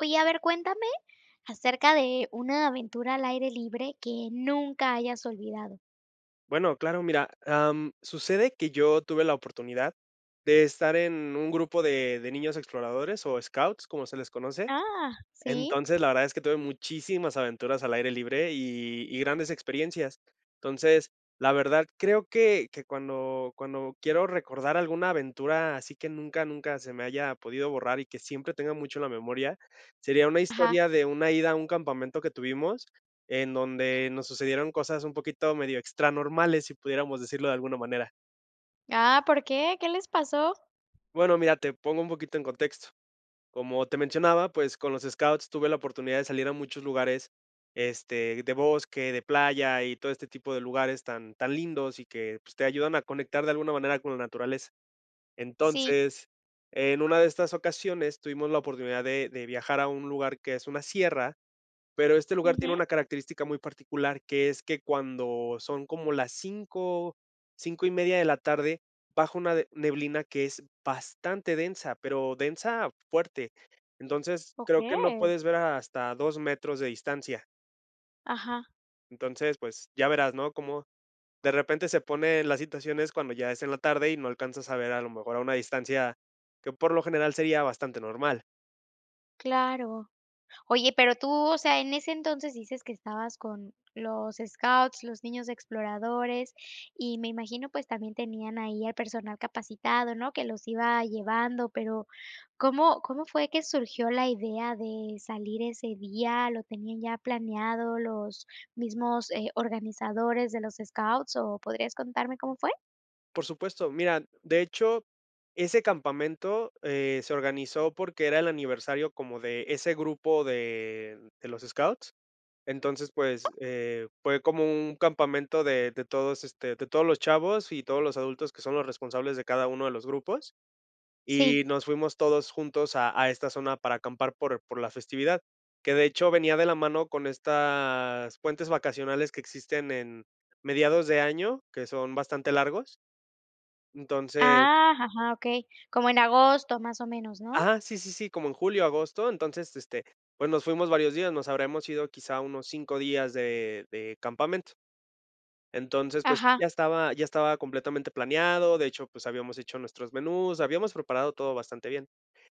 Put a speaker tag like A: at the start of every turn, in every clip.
A: Oye, a ver, cuéntame acerca de una aventura al aire libre que nunca hayas olvidado.
B: Bueno, claro, mira, am, sucede que yo tuve la oportunidad de estar en un grupo de de niños exploradores o scouts, como se les conoce.
A: Ah, sí.
B: Entonces la verdad es que tuve muchísimas aventuras al aire libre y y grandes experiencias. Entonces la verdad, creo que que cuando cuando quiero recordar alguna aventura, así que nunca nunca se me haya podido borrar y que siempre tenga mucho la memoria, sería una
A: Ajá.
B: historia de una ida a un campamento que tuvimos en donde nos sucedieron cosas un poquito medio extranormales, si pudiéramos decirlo de alguna manera.
A: Ah, ¿por qué? ¿Qué les pasó?
B: Bueno, mira, te pongo un poquito en contexto, como te mencionaba, pues, con los scouts tuve la oportunidad de salir a muchos lugares, este, de bosque, de playa y todo este tipo de lugares tan tan lindos y que pues te ayudan a conectar de alguna manera con la naturaleza.
A: Sí.
B: Entonces, en una de estas ocasiones tuvimos la oportunidad de de viajar a un lugar que es una sierra, pero este lugar tiene
A: Ujú.
B: una característica muy particular que es que cuando son como las 5, 5:30, de la tarde, bajo una neblina que es bastante densa, pero densa fuerte. Entonces creo que no
A: Okey.
B: puedes ver hasta 2, metros de distancia.
A: Ajá.
B: Entonces, pues, ya verás, ¿no?, como de repente se pone las situaciones cuando ya es en la tarde y no alcanzas a ver a lo mejor a una distancia, que por lo general sería bastante normal.
A: Claro. Oye, pero tú, o sea, en ese entonces, dices que estabas con los scouts, los niños exploradores y me imagino, pues también, tenían ahí al personal capacitado, ¿no? Que los iba llevando, pero, ¿Cómo cómo fue que surgió la idea de salir ese día? ¿Lo tenían ya planeado los mismos, eh, organizadores de los scouts o podrías contarme cómo fue?
B: Por supuesto. Mira, de hecho, ese campamento, eh, se organizó porque era el aniversario como de ese grupo de de los scouts. Entonces, pues, eh, fue como un campamento de de todos, este, de todos los chavos y todos los adultos que son los responsables de cada uno de los grupos,
A: Sí.
B: y nos fuimos todos juntos a a esta zona para acampar por por la festividad, que de hecho venía de la mano con estas puentes vacacionales que existen en mediados de año, que son bastante largos. Entonces.
A: Ah, ja ja, okey, como en agosto, más o menos, ¿no?
B: Ajá, sí, sí, sí, como en julio o agosto. Entonces este, pues nos fuimos varios días, nos habremos ido quizá unos 5 días de de campamento. Entonces, pues,
A: Ajá.
B: ya estaba ya estaba completamente planeado, de hecho, pues, habíamos hecho nuestros menús, habíamos preparado todo bastante bien,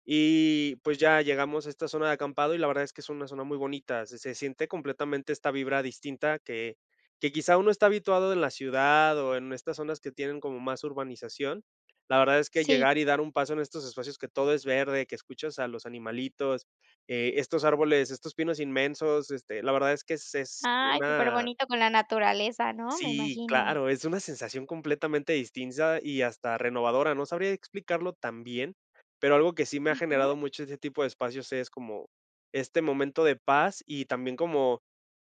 B: y pues, ya llegamos a esta zona de acampado y la verdad es que es una zona muy bonita. Se se siente completamente esta vibra distinta que que quizá, uno está habituado en la ciudad o en estas zonas que tienen como más urbanización. La verdad es que
A: Sí
B: llegar y dar un paso en estos espacios que todo es verde, que escuchas a los animalitos, eh, estos árboles, estos pinos inmensos, este, la verdad es que es es
A: Ay,
B: una
A: superbonito con la naturaleza, ¿no?, me
B: Sí,
A: imagino.
B: claro, es una sensación completamente distinta y hasta renovadora, no sabría explicarlo también, pero algo que sí me ha
A: Ujú.
B: generado mucho ese tipo de espacios, es como, este momento de paz y también como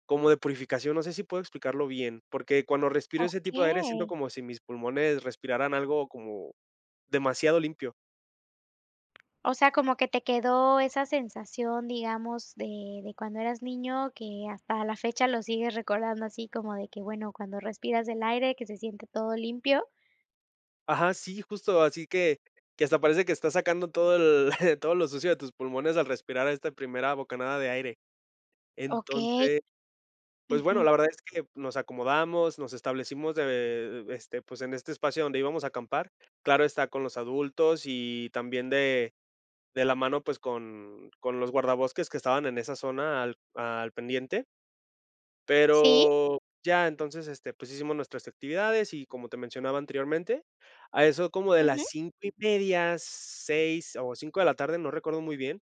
B: como de purificación. No sé, si puedo explicarlo bien, porque cuando respiro ese tipo de aire siento
A: Okey.
B: como si mis pulmones respiraran algo como demasiado limpio.
A: O sea, como que te quedó esa sensación, digamos de de cuando eras niño que hasta la fecha lo sigues recordando así como de que bueno, cuando respiras el aire que se siente todo limpio.
B: Ajá. Sí, justo. Así que que hasta parece que estás sacando todo el todo lo sucio de tus pulmones al respirar a esta primera bocanada de aire.
A: Okey.
B: Entonces, pues bueno,
A: Ujú.
B: la verdad es que nos acomodamos, nos establecimos de, eh, este, pues en este espacio donde íbamos a acampar, claro, está con los adultos y también de de la mano, pues con con los guardabosques que estaban en esa zona al al pendiente.
A: Sí.
B: Pero, ya entonces este pues hicimos nuestras actividades y como te mencionaba anteriormente a eso como de las
A: Ujú.
B: 5:30, 6 o 5 de la tarde, no recuerdo muy bien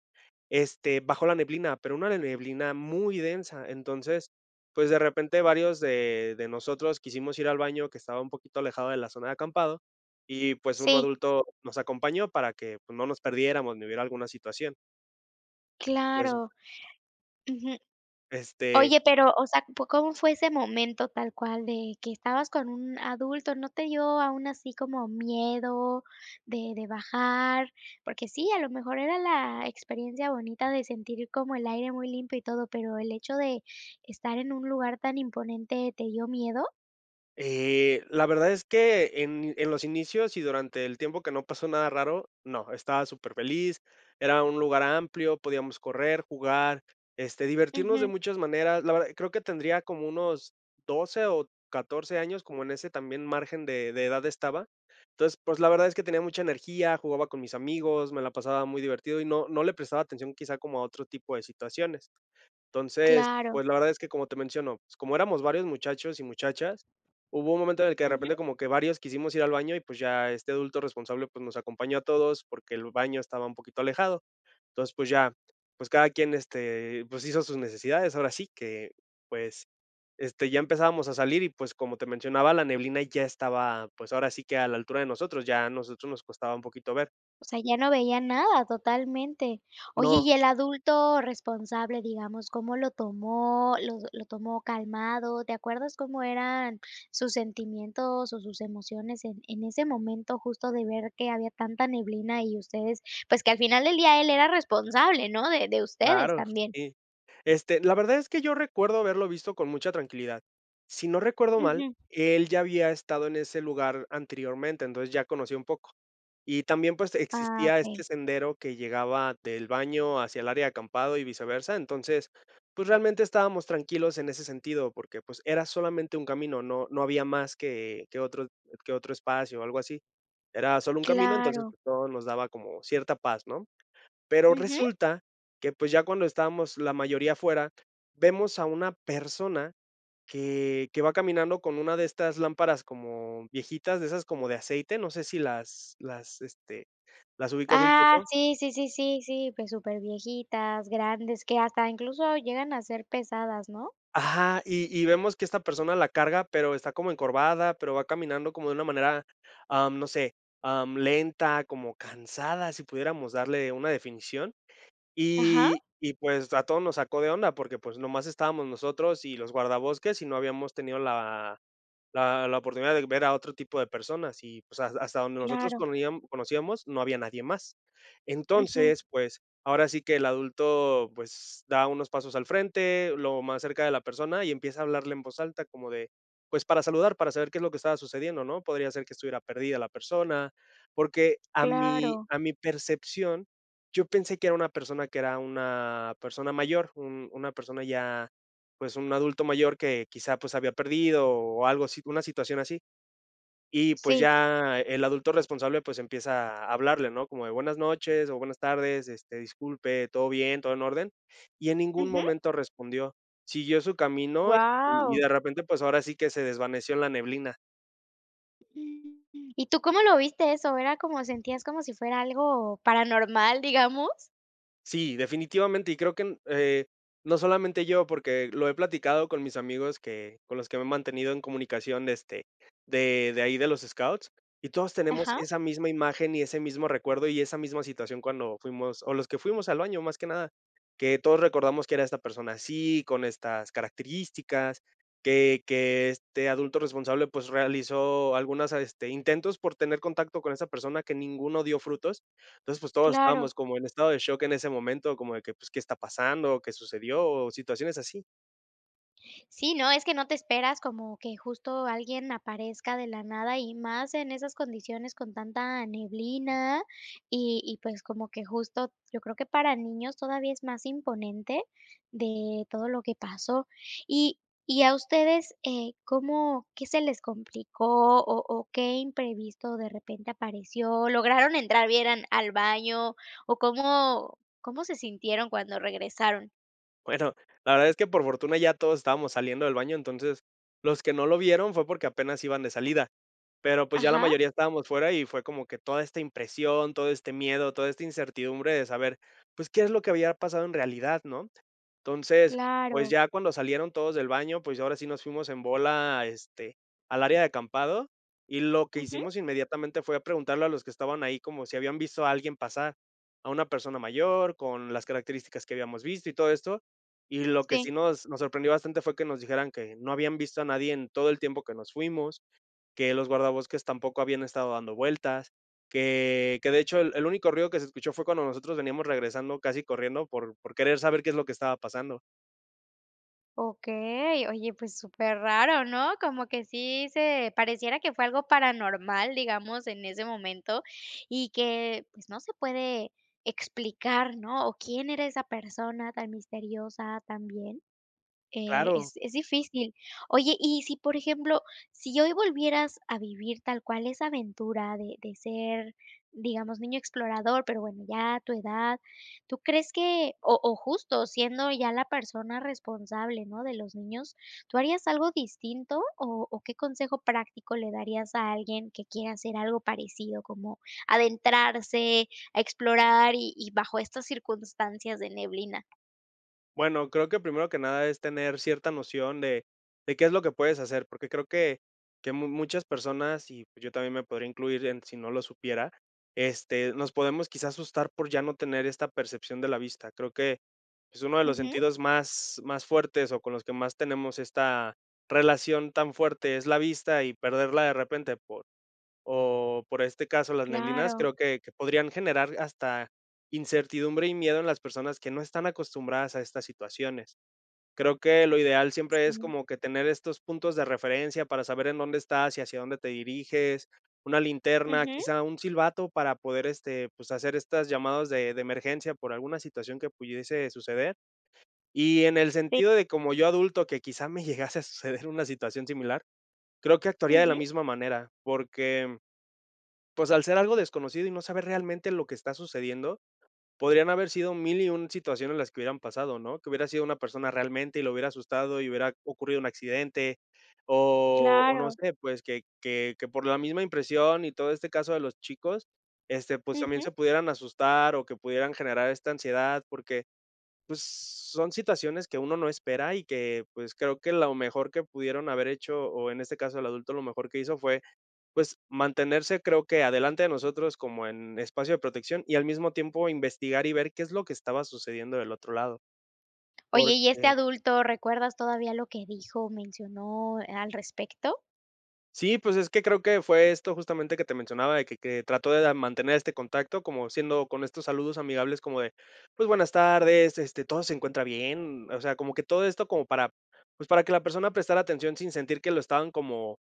B: este bajó la neblina, pero una neblina muy densa. Entonces, pues de repente, varios de de nosotros quisimos ir al baño que estaba un poquito alejado de la zona de acampado y pues un
A: Sí.
B: adulto nos acompañó para que pues no nos perdiéramos ni hubiera alguna situación. Pues.
A: Claro. Ujú.
B: Este
A: Oye, pero o sea, p, ¿cómo fue ese momento tal cual, de que estabas con un adulto, no te dio aún así como miedo de de bajar? Porque sí, a lo mejor era la experiencia bonita de sentir como el aire muy limpio y todo, pero el hecho de estar en un lugar tan imponente, ¿te dio miedo?
B: Eh, la verdad es que en en los inicios y durante el tiempo que no pasó nada raro, no. Estaba superfeliz, era un lugar amplio, podíamos correr, jugar, este, divertirnos de
A: Ujú.
B: muchas maneras, la verdad, creo que tendría como unos 12, o 14, años, como en ese también margen de de edad estaba. Entonces, pues, la verdad es que tenía mucha energía, jugaba con mis amigos, me la pasaba muy divertido y no no le prestaba atención, quizá como a otro tipo de situaciones. Entonces, pues,
A: Claro.
B: la verdad es que como te menciono, como éramos varios muchachos y muchachas, hubo un momento en el que de repente
A: Ujú.
B: como que varios quisimos ir al baño y, pues ya, este adulto responsable, pues, nos acompañó a todos porque el baño estaba un poquito alejado. Entonces, pues ya, pues, cada quien, este, pues, hizo sus necesidades, ahora sí que, pues, este, ya empezábamos a salir y, pues, como te mencionaba, la neblina ya estaba, pues, ahora sí que a la altura de nosotros, ya a nosotros nos costaba un poquito ver.
A: O sea, ya no veían nada totalmente. Oye,
B: No.
A: y el adulto responsable, digamos, ¿cómo lo tomó, lo lo tomó calmado? ¿Te acuerdas cómo eran sus sentimientos o sus emociones en en ese momento?, justo de ver que había tanta neblina, y ustedes, pues, que al final del día, él era responsable, ¿no?, de de ustedes
B: Claro,
A: también.
B: sí. Este, la verdad es que yo recuerdo haberlo visto con mucha tranquilidad. Si no recuerdo mal,
A: Ujú.
B: él ya había estado en ese lugar anteriormente, entonces, ya conocía un poco. Y también, pues,
A: Ah,
B: existía
A: okey.
B: este sendero que llegaba del baño hacia el área de acampado, y viceversa. Entonces, pues realmente estábamos tranquilos en ese sentido, porque pues, era solamente un camino, no no había más que que otro que otro espacio o algo así, era sólo un camino, entonces
A: Claro.
B: pues, todo nos daba como cierta paz, ¿no? Pero
A: Ujú.
B: resulta, que pues ya cuando estábamos la mayoría afuera, vemos a una persona que que va caminando con una de estas lámparas, como viejitas, de esas como de aceite. No sé, si las las, este, las ubicas un
A: Ah,
B: poco.
A: sí, sí, sí, sí, sí. Pues, superviejitas, grandes, que hasta incluso llegan a ser pesadas, ¿no?
B: Ajá. Y y vemos que esta persona la carga, pero está como encorvada, pero va caminando como de una manera, am, no sé, am, lenta, como cansada, si pudiéramos darle una definición.
A: Ajá.
B: Y y pues, a todos nos sacó de onda porque, pues, nomás estábamos nosotros y los guardabosques, y no habíamos tenido la la la oportunidad de ver a otro tipo de personas, y pues, has hasta donde nosotros
A: Claro.
B: conojian conocíamos, no había nadie más.
A: Ujú.
B: Entonces, pues, ahora sí que el adulto, pues, da unos pasos al frente, lo más cerca de la persona, y empieza a hablarle en voz alta, como de, pues para saludar, para saber qué es lo que estaba sucediendo, ¿no?, podría ser que estuviera perdida la persona, porque a mi
A: Claro.
B: a mi percepción, yo pensé que era una persona que era una persona mayor, un una persona ya, pues, un adulto mayor que quizá, pues, se había perdido, o o algo así, una situación así. Y pues
A: Sí.
B: ya, el adulto responsable, pues, empieza a hablarle, ¿no?, como de, buenas noches o buenas tardes, este, disculpe, ¿todo bien, todo en orden?, y en ningún
A: Ujú.
B: momento respondió. Siguió su camino, y y
A: Guau.
B: de repente, pues, ahora sí que, se desvaneció en la neblina.
A: ¿Y tú cómo lo viste eso, era como sentías como si fuera algo paranormal, digamos?
B: Sí, definitivamente, y creo que, mm, eh, no solamente yo, porque lo he platicado con mis amigos que con los que me he mantenido en comunicación de este de de ahí de los Scouts y todos tenemos
A: Ajá.
B: esa misma imagen y ese mismo recuerdo y esa misma situación cuando fuimos o los que fuimos al baño, más que nada, que todos recordamos que era esta persona así con estas características que que este adulto responsable, pues realizó algunas a este, intentos por tener contacto con esa persona que ninguno dio frutos. Entonces pues todos estábamos
A: Claro.
B: como en estado de shock en ese momento, como de que qué está pasando o qué sucedió o situaciones así.
A: Sí, no, es que no te esperas como que justo alguien aparezca de la nada y más en esas condiciones con tanta neblina y y pues como que justo yo creo que para niños todavía es más imponente de todo lo que pasó. Y y a ustedes, eh, ¿cómo, qué se les complicó o o qué imprevisto de repente apareció? ¿Lograron entrar bien al al baño? o, ¿cómo cómo se sintieron cuando regresaron?
B: Bueno, la verdad es que por fortuna ya todos estábamos saliendo del baño, entonces los que no lo vieron fue porque apenas iban de salida, pero pues, ya la
A: Ajá.
B: mayoría estábamos fuera y fue como que toda esta impresión, todo este miedo, toda esta incertidumbre de saber pues, ¿qué es lo que había pasado en realidad? ¿No? Entonces pues,
A: Claro.
B: ya cuando salieron todos del baño, pues, ya ahora sí nos fuimos en bola este, al área de acampado, y lo que
A: Ujú.
B: hicimos inmediatamente, fue a preguntarle a los que estaban ahí, como, ¿si habían visto a alguien pasar? A una persona mayor con las características que habíamos visto y todo esto. Y lo que
A: Sí.
B: sí nos nos sorprendió bastante fue que nos dijeran: "Que no habían visto a nadie en todo el tiempo que nos fuimos, que los guardabosques tampoco habían estado dando vueltas", que que de hecho, el el único ruido que se escuchó fue cuando nosotros veníamos regresando, casi corriendo por por querer saber qué es lo que estaba pasando.
A: Okey, oye, pues superraro, ¿no? Como que sí se pareciera que fue algo paranormal, digamos en ese momento y que pues, no se puede explicar, ¿no?, o ¿quién era esa persona tan misteriosa también? Eh,
B: Claro.
A: es es difícil. Oye, y si, por ejemplo, si hoy volvieras a vivir tal cual esa aventura de de ser, digamos, niño explorador, pero bueno, ya tu edad, ¿tú crees que?, o o justo siendo ya la persona responsable, ¿no?, de los niños, ¿tú harías algo distinto o o qué consejo práctico le darías a alguien que quiera hacer algo parecido, como adentrarse, a explorar y y bajo estas circunstancias de neblina?
B: Bueno, creo que, primero que nada, es tener cierta noción de de qué es lo que puedes hacer, porque creo que que mu muchas personas y, pues, yo también me podría incluir en si no lo supiera, este, nos podemos quizá asustar por ya no tener esta percepción de la vista, creo que es uno de los
A: Ujú.
B: sentidos más más fuertes o con los que más tenemos esta relación tan fuerte, es la vista y perderla de repente por o por este caso, las neblinas,
A: Claro.
B: creo que que podrían generar hasta incertidumbre y miedo en las personas que no están acostumbradas a estas situaciones. Creo que lo ideal siempre es
A: Sí.
B: como que tener estos puntos de referencia para saber en dónde estás y hacia dónde te diriges, una linterna,
A: Ujú.
B: quizá un silbato para poder este, pues, hacer estas llamadas de de emergencia por alguna situación que pudiese suceder. Y en el
A: Sí.
B: sentido de como yo adulto, que quizá me llegase a suceder una situación similar, creo que actuaría de la
A: Ujú.
B: misma manera porque, pues, al ser algo desconocido y no saber realmente lo que está sucediendo, podrían haber sido 1001 situaciones en las que hubieran pasado, ¿no? Que hubiera sido una persona realmente y lo hubiera asustado y hubiera ocurrido un accidente o o no
A: Claro.
B: sé, pues, que que que por la misma impresión y todo este caso de los chicos, este, pues, también
A: Ujú.
B: se pudieran asustar o que pudieran generar esta ansiedad porque, pues, son situaciones que uno no espera y que, pues, creo que lo mejor que pudieron haber hecho o en este caso, el adulto, lo mejor que hizo fue, pues, mantenerse, creo que adelante de nosotros como en espacio de protección y al mismo tiempo investigar y ver qué es lo que estaba sucediendo del otro lado.
A: Oye, y este
B: Porque.
A: adulto, ¿recuerdas todavía lo que dijo o mencionó al respecto?
B: Sí, pues es que creo que fue esto justamente que te mencionaba de que que trató de mantener este contacto como siendo con estos saludos amigables como de pues buenas tardes, este ¿todo se encuentra bien? O sea, como que todo esto como para, pues para que la persona prestara atención sin sentir que lo estaban como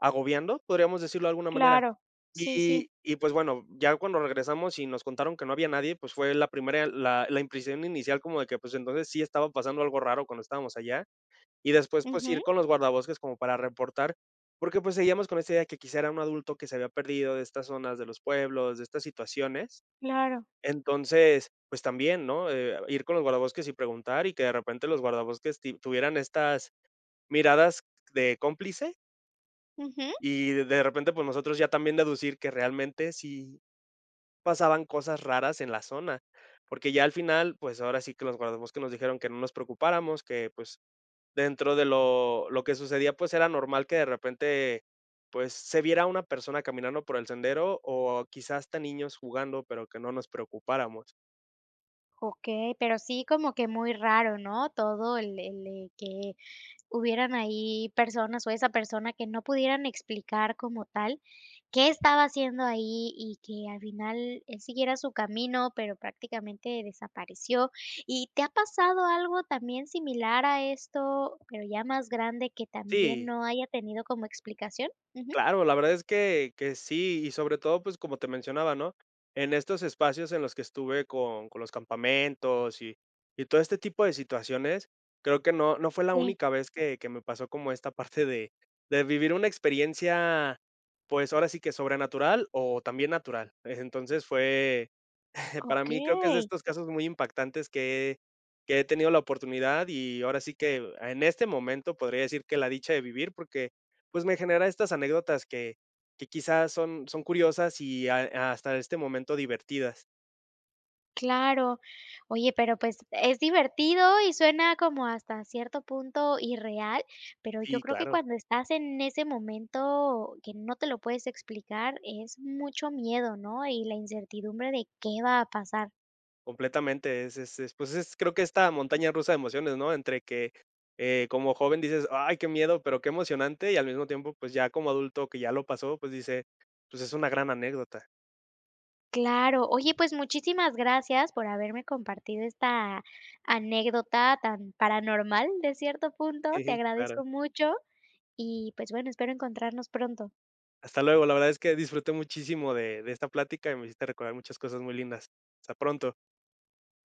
B: agobiando. Podríamos decirlo de alguna manera.
A: Claro. Sí sí.
B: Y y pues bueno, ya cuando regresamos y nos contaron que no había nadie, pues fue la primera la la impresión inicial como de que pues entonces sí estaba pasando algo raro cuando estábamos allá y después, pues
A: Ujú.
B: ir con los guardabosques como para reportar, porque pues seguíamos con esta idea que quizá era un adulto que se había perdido de estas zonas de los pueblos de estas situaciones.
A: Claro.
B: Entonces pues también, ¿no?, eh, ir con los guardabosques y preguntar y que de repente los guardabosques ti tuvieran estas miradas, de cómplice
A: Ujú.
B: y de repente, pues nosotros ya también deducir que realmente si pasaban cosas raras en la zona, porque ya al final, pues ahora sí que los guardabosques nos dijeron que no nos preocupáramos, que pues dentro de lo lo que sucedía, pues era normal que de repente, pues se viera una persona caminando por el sendero o quizá hasta niños jugando, pero que no nos preocupáramos.
A: Okey, pero sí como que muy raro, ¿no?, todo el el que hubieran ahí personas, o esa persona que no pudieran explicar como tal, qué estaba haciendo ahí, y que al final él siguiera su camino, pero prácticamente desapareció, ¿y te ha pasado algo también similar a esto, pero ya más grande que también
B: Sí.
A: no haya tenido como explicación? Ujú.
B: Claro, la verdad es que que sí. Y sobre todo, pues como te mencionaba, ¿no?, en estos espacios en los que estuve con con los campamentos y y todo este tipo de situaciones, creo que no, no fue la
A: Sí.
B: única vez que que me pasó como esta parte de de vivir una experiencia, pues, ahora sí que, sobrenatural o también natural. E entonces, fue para mí creo que es de
A: Okey.
B: estos casos muy impactantes que he que he tenido la oportunidad y ahora sí que, a en este momento podría decir que la dicha de vivir porque, pues, me genera estas anécdotas que que quizá, son son curiosas y ha, eh, hasta este momento divertidas.
A: Claro. Oye, pero pues, es divertido y suena como hasta cierto punto irreal, pero yo
B: Sí,
A: creo que
B: claro.
A: cuando estás en ese momento que no te lo puedes explicar, es mucho miedo, ¿no?, y la incertidumbre de, ¿qué va a pasar?
B: Completamente, es es es, pues, es creo que esta montaña rusa de emociones, no entre que, eh, como joven dices: "Ay, qué miedo", pero, qué emocionante y al mismo tiempo, pues, ya como adulto que ya lo pasó, pues, dice: "Pues es una gran anécdota".
A: Claro. Oye, pues muchísimas gracias por haberme compartido esta anécdota tan paranormal de cierto punto.
B: Sí,
A: Te
B: sí, claro.
A: agradezco mucho, y pues bueno, espero encontrarnos pronto.
B: Hasta luego. La verdad es que disfruté muchísimo de de esta plática, y me hiciste recordar muchas cosas muy lindas. Hasta pronto.